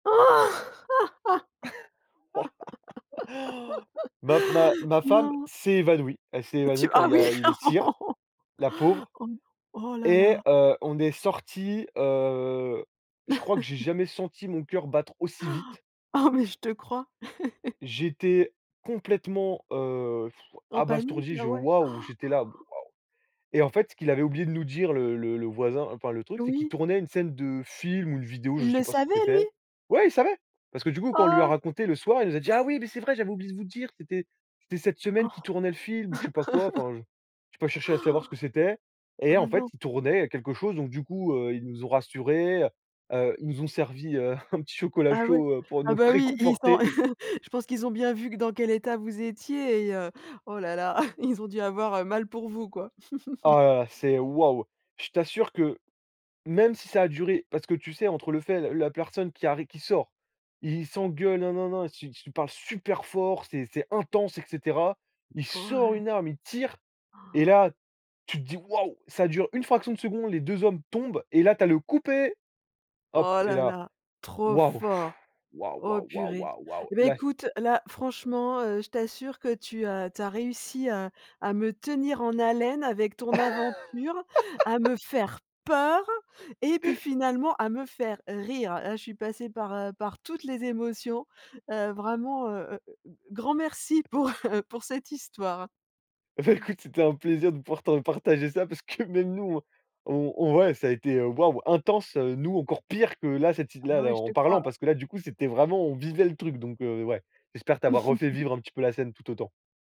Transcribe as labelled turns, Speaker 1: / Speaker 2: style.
Speaker 1: Ma ma ma femme
Speaker 2: Non.
Speaker 1: s'est évanouie. Elle s'est
Speaker 2: Tu
Speaker 1: évanouie quand
Speaker 2: ah
Speaker 1: il y
Speaker 2: oui.
Speaker 1: a eu les tirs. La pauvre
Speaker 2: Oh. Oh là
Speaker 1: et
Speaker 2: là.
Speaker 1: heu, on est sorti, heu, je crois que j'ai jamais senti mon cœur battre aussi vite.
Speaker 2: Oh, mais je te crois.
Speaker 1: J'étais complètement, heu,
Speaker 2: En panique.
Speaker 1: abasourdi,
Speaker 2: Ah
Speaker 1: je
Speaker 2: ouais?
Speaker 1: waouh, j'étais là: «Waouh!» Et en fait, ce qu'il avait oublié de nous dire le le le voisin, enfin le truc, c'est qu'il
Speaker 2: Oui.
Speaker 1: tournait une scène de film ou une vidéo, je
Speaker 2: Il
Speaker 1: sais
Speaker 2: le
Speaker 1: pas ce que
Speaker 2: savait lui?
Speaker 1: c'était. Ouais, il savait! Parce que du coup, quand on lui a
Speaker 2: Ah!
Speaker 1: raconté le soir, il nous a dit: «Ah oui, mais c'est vrai, j'avais oublié de vous dire, c'était c'était cette semaine qu'il
Speaker 2: Ah.
Speaker 1: tournait le film», ou je sais pas quoi, enfin, j j'ai pas cherché à savoir ce que c'était. Et
Speaker 2: Oh
Speaker 1: en fait,
Speaker 2: non.
Speaker 1: il tournait quelque chose, donc du coup, heu, ils nous ont rassurés, heu, heu, ils nous ont servi, heu, un petit chocolat
Speaker 2: Ah ouais.
Speaker 1: chaud, heu, pour
Speaker 2: Ah
Speaker 1: nous
Speaker 2: bah, oui, ils ont
Speaker 1: réconforter.
Speaker 2: je pense qu'ils ont bien vu que dans quel état vous étiez et heu, oh là là, ils ont dû avoir, heu, mal pour vous, quoi.
Speaker 1: Ah là, là, c'est waouh. Je t'assure que même si ça a duré parce que, tu sais, entre le fait la personne qui arri qui sort, ils ils s'engueulent, nin nin nin, s s ils parlent super fort, c'est c'est intense, et cetera. Il sort
Speaker 2: Ouais.
Speaker 1: une arme, il tire, et là, tu te dis: «Waouh!» Ca dure une fraction de seconde, les 2 hommes tombent, et là, tu as le: «Coupez!», hop
Speaker 2: Oh
Speaker 1: et
Speaker 2: là
Speaker 1: là
Speaker 2: là, trop
Speaker 1: waouh
Speaker 2: fort.
Speaker 1: waouh,
Speaker 2: Oh
Speaker 1: waouh, waouh,
Speaker 2: purée
Speaker 1: waouh, waouh.
Speaker 2: et beh,
Speaker 1: Là
Speaker 2: écoute, là, franchement, heu, je t'assure que tu as tu as réussi à à me tenir en haleine avec ton aventure, à me faire peur, et puis finalement, à me faire rire. Là je suis passée par, heu, par toutes les émotions, heu, vraiment, heu, grand merci pour, heu, pour cette histoire.
Speaker 1: Et beh, écoute, c'était un plaisir de pouvoir te partager ça, parce que même nous, on on ouais, ça a été, heu, waouh, intense, heu, nous encore pire que là, cette ti
Speaker 2: Ah
Speaker 1: là
Speaker 2: bah, ouais,
Speaker 1: là
Speaker 2: je te
Speaker 1: en parlant,
Speaker 2: crois.
Speaker 1: parce que là du coup, c'était vraiment on vivait le truc, donc heu, ouais. J'espère t'avoir refait vivre un petit peu la scène tout autant.